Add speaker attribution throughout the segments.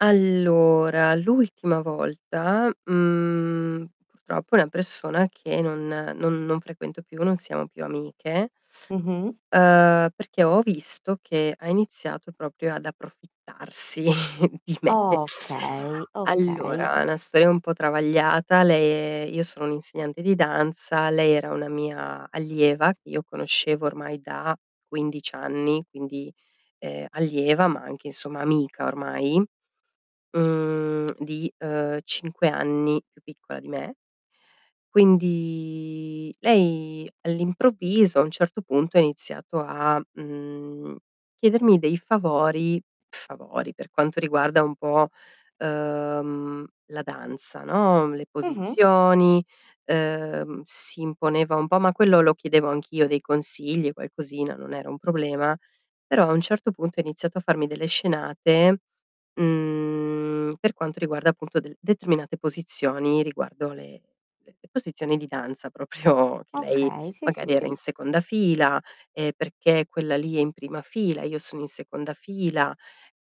Speaker 1: Allora, l'ultima volta, mhmm, purtroppo è una persona che non non non frequento più, non siamo più amiche,
Speaker 2: Mh-mh.
Speaker 1: uhm, perché ho visto che ha iniziato proprio ad approfittarsi di me.
Speaker 2: Okay, okay.
Speaker 1: Allora, una sto un po' travagliata, lei è io sono un insegnante di danza, lei era una mia allieva che io conoscevo ormai da 15 anni, quindi, ehm, allieva, ma anche insomma amica ormai. Mhmm, di, uhm, 5 anni più piccola di me. Quindi, lei all'improvviso a un certo punto ha iniziato a, mhmm, chiedermi dei favori, favori per quanto riguarda un po', uhm, la danza, no, le
Speaker 2: Mh-mh.
Speaker 1: posizioni, uhm, si imponeva un po', ma quello lo chiedevo anch'io, dei consigli, qualcosina, non era un problema, però a un certo punto ha iniziato a farmi delle scenate, mhmm, per quanto riguarda appunto de determinate posizioni riguardo le le posizioni di danza, proprio che lei
Speaker 2: Okay, sì, sì,
Speaker 1: magari era
Speaker 2: sì.
Speaker 1: in seconda fila e: "Perché quella lì è in prima fila? Io sono in seconda fila."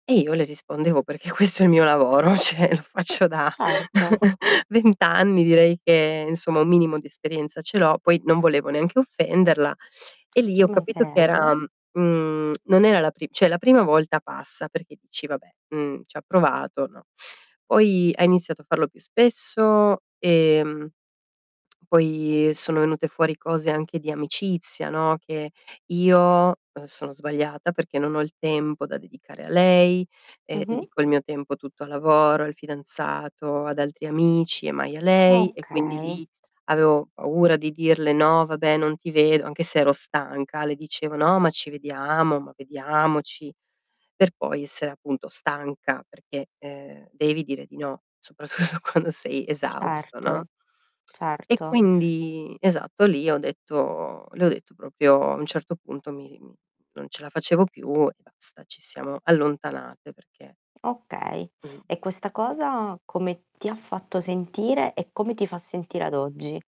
Speaker 1: E io le rispondevo: "Perché questo è il mio lavoro." Cioè lo faccio da
Speaker 2: Certo.
Speaker 1: 20 anni direi che insomma, un minimo di esperienza ce l'ho, poi non volevo neanche offenderla. E lì
Speaker 2: Ci
Speaker 1: ho capito che era,
Speaker 2: mancherebbe.
Speaker 1: mhmm, non era la pri cioè la prima volta passa perché dici: "Vabbè, mhmm, ci ha provato." No. Poi ha iniziato a farlo più spesso, ehm, e poi sono venute fuori cose anche di amicizia, no, che io, uhm, sono sbagliata perché non ho il tempo da dedicare a lei e
Speaker 2: Mh-mh.
Speaker 1: dedico il mio tempo tutto al lavoro, al fidanzato, ad altri amici e mai a lei. E quindi
Speaker 2: Okay.
Speaker 1: lì, avevo paura di dirle: "No vabbè non ti vedo." Anche se ero stanca. Le dicevo: "No ma ci vediamo, ma vediamoci." Per poi essere appunto stanca perché, uhm, devi dire di no, soprattutto quando sei esausto,
Speaker 2: Certo,
Speaker 1: no, e
Speaker 2: certo.
Speaker 1: quindi, esatto lì ho detto le ho detto proprio a un certo punto mi mi non ce la facevo più e basta, ci siamo allontanate perché
Speaker 2: Okay.
Speaker 1: Mh.
Speaker 2: E questa cosa, come ti ha fatto sentire e come ti fa sentire ad oggi?